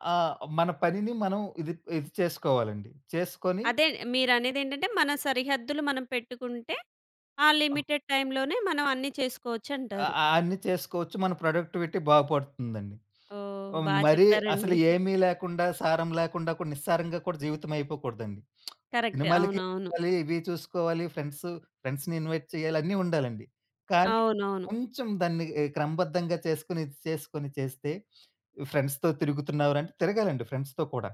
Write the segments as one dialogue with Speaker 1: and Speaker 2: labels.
Speaker 1: ఆ! మన పనిని మనం ఇది, ఇది చేసుకోవాలండి. చేసుకొని
Speaker 2: అదే మీరనేదేంటంటే మన సరిహద్దులు మనం పెట్టుకుంటే ఆ
Speaker 1: ఆ!
Speaker 2: లిమిటెడ్ టైమ్‌లోనే మనం అన్నీ
Speaker 1: అ
Speaker 2: చేసుకోవచ్చంటారు.
Speaker 1: అ అన్ని చేసుకోవచ్చు. మన ప్రొడక్టివిటీ బాగుపడుతుందండి.
Speaker 2: ఓహ్!
Speaker 1: ఆహ్,
Speaker 2: బా
Speaker 1: మరీ అసలు
Speaker 2: చెప్పారండి.
Speaker 1: ఏమి లేకుండా, సారం లేకుండా కూడా, నిస్సారంగా కూడా జీవితమైపోకూడదండి.
Speaker 2: కరెక్ట్,
Speaker 1: సినిమాలకి
Speaker 2: అవునవును.
Speaker 1: చూసుకోవాలి, ఇవి చూసుకోవాలి, ఫ్రెండ్సు ఫ్రెండ్స్‌ని ఇన్‌వైట్ చేయాలి అన్నీ ఉండాలండి. కానీ,
Speaker 2: అవునవును.
Speaker 1: కొంచెం దాన్ని ఆహ్, క్రమబద్ధంగా చేసుకొని ఇది చేసుకొని చేస్తే "ఫ్రెండ్స్‌తో తిరుగుతున్నావురా?" అంటే తిరగాలండి ఫ్రెండ్స్‌తో కూడా.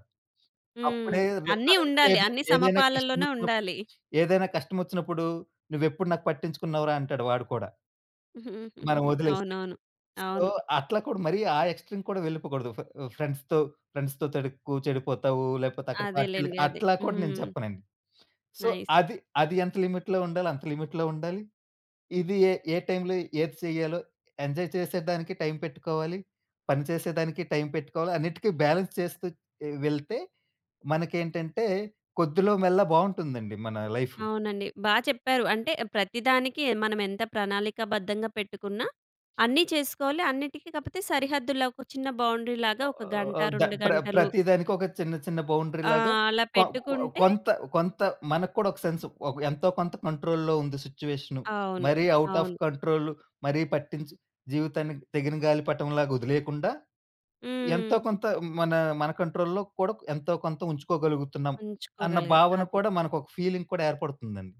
Speaker 2: హ్మ్.
Speaker 1: అప్పుడేదైనా
Speaker 2: అన్ని
Speaker 1: కరెక్ట్
Speaker 2: ఉండాలి.
Speaker 1: ఏది
Speaker 2: అన్ని
Speaker 1: ఏదైన
Speaker 2: సమపాలలోనే
Speaker 1: కష్టమోచ్చినప్పుడు
Speaker 2: ఉండాలి.
Speaker 1: ఏదైన కష్టమోచ్చినప్పుడు "నువ్వు ఎప్పుడు నాకు పట్టించుకున్నావురా?" అంటాడు వాడు కూడా. మనం ఒదిలేస్తే.
Speaker 2: అవునవును,
Speaker 1: సో,
Speaker 2: అవును.
Speaker 1: అట్లా కూడా మరి ఆ ఎక్‌స్ట్రీమ్‌ కూడా వెళ్ళిపోకూడదు. "ఫే ఫ్రెండ్స్‌తో ఫ్రెండ్స్‌తో తిరగకు చెడిపోతావు లేపోతే అక్కడ పార్టీలకి"
Speaker 2: అదేలెండి అదే.
Speaker 1: అట్లా కూడా నేను
Speaker 2: హ్మ్.
Speaker 1: చెప్పనండి. So,
Speaker 2: nice.
Speaker 1: అది అది ఎంత లిమిట్‌లో ఉండాలో అంత లిమిట్‌లో ఉండాలి. ఇది ఏ ఏ టైంలో ఏది సేయ్యాలో, ఎంజాయ్ చేసేదానికి టైం పెట్టుకోవాలి, పని చేసేదానికి టైం పెట్టుకోవాలి. అన్నిటికి బ్యాలెన్స్ చేస్తూ వెళ్తే మనకేంటంటే కొద్దిలో మెల్లా బావుంటుందండి మన లైఫు.
Speaker 2: అవునండి. బా చెప్పారు. అంటే ప్రతిదానికి మనం ఎంత ప్రణాళికాబద్ధంగా పెట్టుకున్నా, అన్నీ చేసుకోవాలి అన్నిటికి కాపోతే సరిహద్దుల్లో ఒక చిన్న బౌండరీ లాగా ఒక గంట,
Speaker 1: ఆహ్, ద
Speaker 2: 2
Speaker 1: ప్ర
Speaker 2: గంటలు
Speaker 1: ప్రతిదానికి ఒక చిన్న చిన్న బౌండరీ
Speaker 2: ఆ!
Speaker 1: లాగా,
Speaker 2: అలా
Speaker 1: కొ కొ
Speaker 2: పెట్టుకుంటే
Speaker 1: కొంత కొంత మనకు కూడా ఒక సెన్సు. ఒక ఎంతో కొంత కంట్రోల్‌లో ఉంది సిట్యుయేషను.
Speaker 2: అవును.
Speaker 1: మరీ అవుట్ అఫ్
Speaker 2: అవును.
Speaker 1: కంట్రోల్ మరీ పట్టించి జీవితాన్ని తెగిన గాలి పటంలాగా ఒదిలేయకుండా, ఎంతో
Speaker 2: హ్మ్.
Speaker 1: కొంత మన మన కంట్రోల్‌లో కూడా ఎంతో కొంత ఉంచుకోగలుగుతున్నాం అన్న
Speaker 2: ఉంచుకోగలగాలి
Speaker 1: భావన
Speaker 2: అది.
Speaker 1: కూడా మనకు ఒక ఫీలింగ్ కూడా ఏర్పడుతుందండి.